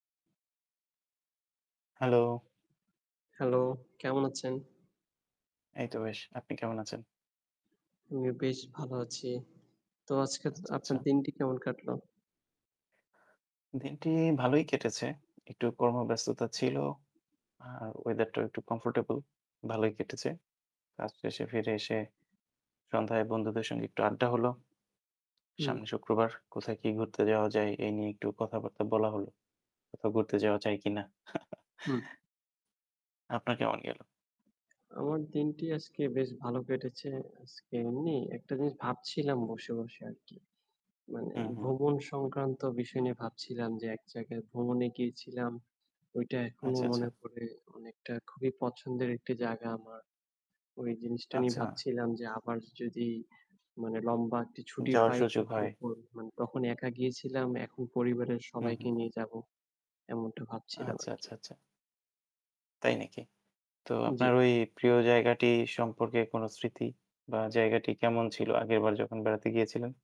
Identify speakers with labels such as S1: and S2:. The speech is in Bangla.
S1: হ্যালো!
S2: হ্যালো! কেমন আছেন?
S1: এই তো বেশ। আপনি কেমন আছেন?
S2: আমিও বেশ ভালো আছি। তো আজকে এতদ
S1: আচ্ছা,
S2: আপনার
S1: আচ্ছা।
S2: দিনটি কেমন কাটলো?
S1: দিনটি ভালোই কেটেছে। একটু কর্মব্যস্ততা ছিল। আর ওয়েদারটাও একটু কমফোর্টেবল। ভালোই কেটেছে। কাজ শেষে ফিরে এসে সন্ধ্যায় বন্ধুদের সঙ্গে একটু আড্ডা হলো।
S2: হুম।
S1: সামনে শুক্রবার। কোথায় কি ঘুরতে যাওয়া যায়? এই নিয়ে একটু কথাবার্তা বলা হলো। কোথাও ঘুরতে যাওয়া যায় কিনা?
S2: হুম।
S1: আপনার কেমন গেল?
S2: আমার দিনটি আজকে বেশ ভাল কেটেছে। আজকে এমনি একটা জিনিস ভাবছিলাম বসে, বসে আরকি। মানে
S1: হুম, হুম।
S2: ভ্রমণ সংক্রান্ত বিষয় নিয়ে ভাবছিলাম যে এক জায়গায় ভ্রমণে গিয়েছিলাম। ঐটা এখনো
S1: আচ্ছা,
S2: মনে
S1: আচ্ছা।
S2: পড়ে অনেকটা খুবই পছন্দের একটি জায়গা আমার। ওই জিনিসটা নিয়ে
S1: আচ্ছা।
S2: ভাবছিলাম যে আবার য যদি মানে লম্বা একটি ছুটি
S1: যাওয়ার
S2: পাই
S1: সুযোগ
S2: তাহলে
S1: হয়।
S2: তো মানে তখন একা গিয়েছিলাম, এখন পরিবারের
S1: হুম,
S2: সবাইকে
S1: হুম।
S2: নিয়ে যাবো। এমনটা ভাবছিলাম
S1: আচ্ছা,
S2: আরকি।
S1: আচ্ছা, আচ্ছা। তাই নাকি? তো
S2: উম
S1: আপনার
S2: জ্বী।
S1: ওই প্রিয় জায়গাটি সম্পর্কে কোন স্মৃতি? বা জায়গাটি কেমন ছিল আগের বার যখন বেড়াতে গিয়েছিলেন?